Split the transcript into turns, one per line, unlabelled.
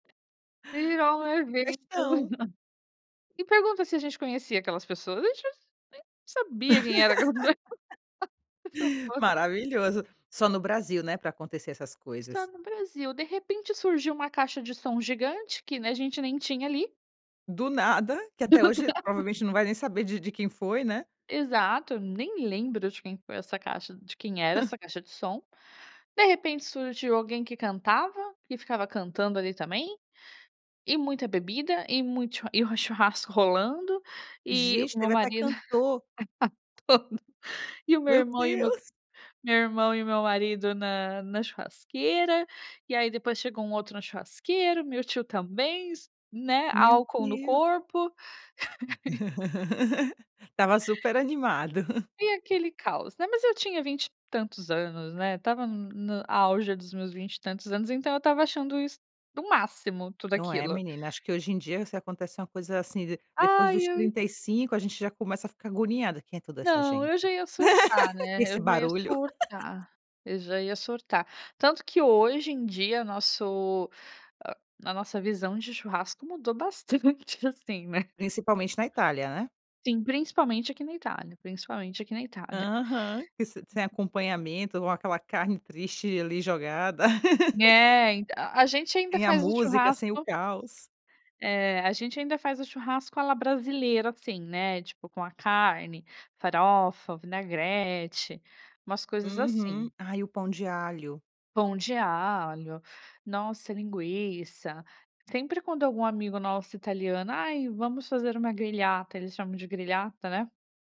E virou
Um
um evento.
festão.
Me pergunta se a gente conhecia aquelas pessoas, a gente nem sab nem sabia quem eram aquelas pess nem sou fã.
Maravilhoso. Só no Brasil, né, pra acontecer essas
Só
coisas.
no Brasil. De repente surgiu uma caixa de som gigante que, né, a gente nem tinha ali.
Do nada, que até
Exato!
hoje, provavelmente, não vai nem saber de de quem foi, né.
Exato, nem lembro de quem foi essa caixa de quem era essa caixa de som. De repente surgiu alguém que cantava, que ficava cantando ali também, e muita bebida e muito chu e o churrasco rolando, e
Gente,
o meu
teve até
marido,
cantor.
[unintelligible] e o meu
Meu
irmão e o meu
Deus!
meu irmão e o meu marido na na churrasqueira, e aí depois chegou um outro na churrasqueira, o meu tio também, né,
Meu
álcool no
Deus!
corpo
Estava super animado.
E aquele caos, né, mas eu tinha 20 e tantos anos, né, estava n no auge dos meus 20 e tantos anos, então eu estava achando isso o máximo, tudo
Não é,
aquilo.
menina, acho que hoje em dia se acontece uma coisa assim, de depois
Ai,
dos
eu
35 a gente já começa a ficar agoniada: "Quem é toda essa
Não, eu
gente?"
já ia surtar,
E
né,
esse
eu já ia
barulho?
surtar, eu já ia surtar. Tanto que hoje em dia nosso hã, a nossa visão de churrasco mudou bastante assim, né.
Principalmente na Itália, né.
Sim, principalmente aqui na Itália, principalmente aqui na Itália.
Aham, que s sem acompanhamento ou aquela carne triste, ali, jogada.
É, ent a a gente ainda
Sem a
faz o
música, sem o
churrasco
caos.
É, a gente ainda faz o churrasco à la brasileira assim, né, tipo, com a carne, farofa, vinagrete, umas coisas
Uhum.
assim.
Ai, o pão de alho.
Pão de alho, nossa linguiça, sempre quando algum amigo nosso italiano: "Ai, vamos fazer uma grigliata," eles chamam de grigliata, né.